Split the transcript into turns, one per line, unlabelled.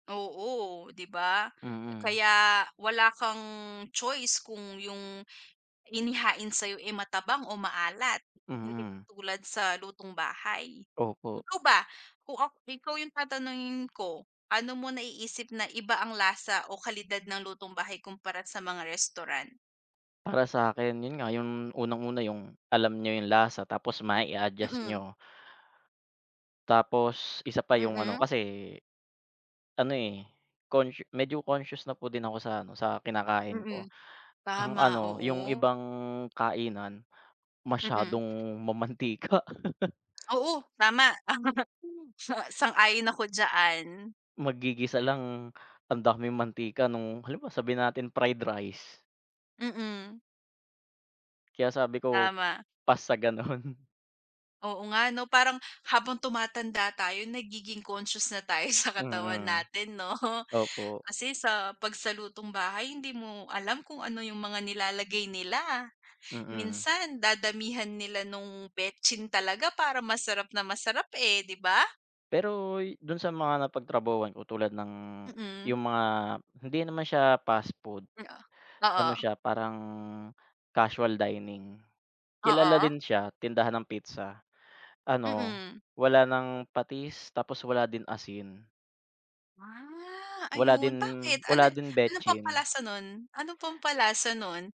Oo, 'di ba?
Mm.
Kaya wala kang choice kung yung inihain sa'yo, eh, matabang o maalat hindi
Mm.
katulad sa lutong bahay.
Opo.
Ikaw ba kung ak ikaw yung tatanungin ko, pa'no mo naiisip na iba ang lasa o kalidad ng lutong bahay kumpara sa mga restaurant?
Para sa'kin 'yon nga yung unang-una, yung alam niyo yung lasa tapos ma-i-a-adjust
Mm.
niyo. Tapos isa pa yung ano,
Mm.
kasi ano, eh, consciou medyo conscious na po din ako sa ano, sa kinakain
Mm,
ko. Ang
tama,
ano, yung
oo.
ibang kainan
Mm.
masyadong mamantika.
Oo, tama, tama, sang sang-ayon ako diyan.
Maggigisa lang ang daming mantika nung halimbawa, sabihin nating fried rice.
Mm.
Kaya sabi ko
Tama.
pass sa gano'n.
Oo nga 'no, parang habang tumatanda tayo nagiging conscious na tayo sa katawan
Mm,
natin 'no.
opo.
Kasi sa 'pag sa lutong bahay hindi mo alam kung ano yung mga nilalagay nila.
Mm.
Minsan dadamihan nila nung betsin talaga para masarap na masarap, eh, 'di ba?
Pero do'n sa mga napagtrabahuhan ko tulad ng
Mm.
yung mga hindi naman siya fast food,
Mm,
ano
ah, oo.
siya parang casual dining. Kilala
Oo.
din siya tindahan ng pizza. Ano,
Mm.
wala ng patis tapos wala din asin.
Ah,
Wala din
ayun, bakit ano
wala din
ano
betsin.
pampalasa nun? Ano pampalasa nun?